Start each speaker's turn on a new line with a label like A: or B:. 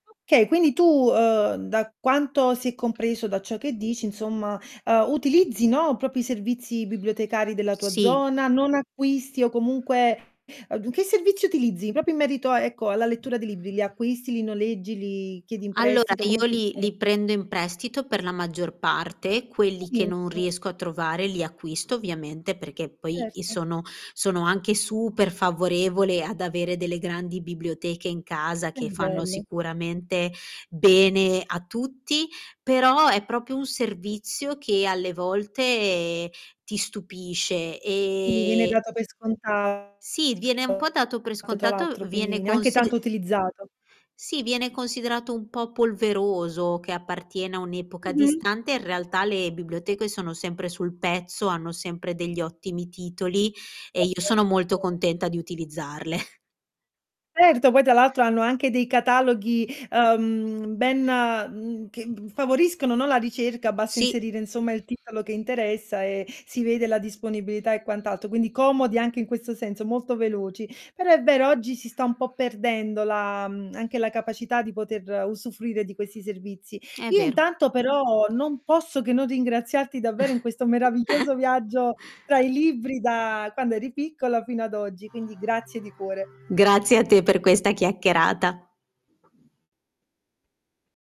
A: Okay, quindi tu, uhm, da quanto si è compreso da ciò che dici insomma, uhm, utilizzi, no, proprio i servizi bibliotecari della tua
B: Sì.
A: zona? Non acquisti o comunque du che servizi utilizzi? Proprio in merito a, ecco, alla lettura di libri: li acquisti, li noleggi, li chiedi in
B: Allora,
A: prestito? Come
B: io li
A: funziona?
B: li prendo in prestito per la maggior parte, quelli che non
A: Benissimo.
B: riesco a trovare li acquisto ovviamente, perché poi i
A: Certo.
B: sono sono anche super favorevole ad avere delle grandi biblioteche in casa
A: Che
B: che fanno
A: bello.
B: sicuramente bene a tutti, però è proprio un servizio che alle volte ti stupisce
A: Quindi viene
B: ehm, e
A: dato per scontato.
B: sì, viene un po' dato per
A: Tra
B: scontato,
A: l'altro, quindi
B: viene
A: neanche
B: consid
A: tanto utilizzato.
B: sì viene considerato un po' polveroso, che appartiene a un'epoca
A: Mh-mh.
B: distante, in realtà le biblioteche sono sempre sul pezzo, hanno sempre degli ottimi titoli e i sono
A: [unintelligible]
B: molto
A: vero.
B: contenta di utilizzarle.
A: Certo, poi tra l'altro hanno anche dei cataloghi, uhm, ben, mhmm, che g favoriscono, no, la ricerca, basta
B: Sì.
A: inserire insomma il titolo che interessa e si vede la disponibilità e quant'altro, quindi comodi anche in questo senso, molto veloci. Però è vero, oggi si sta un po' perdendo la, mhmm, anche la capacità di poter usufruire di questi servizi.
B: È
A: Io
B: vero.
A: intanto però, non posso che non ringraziarti davvero in questo meraviglioso viaggio tra i libri da quando eri piccola fino ad oggi, quindi grazie di cuore.
B: Grazie a te per questa chiacchierata.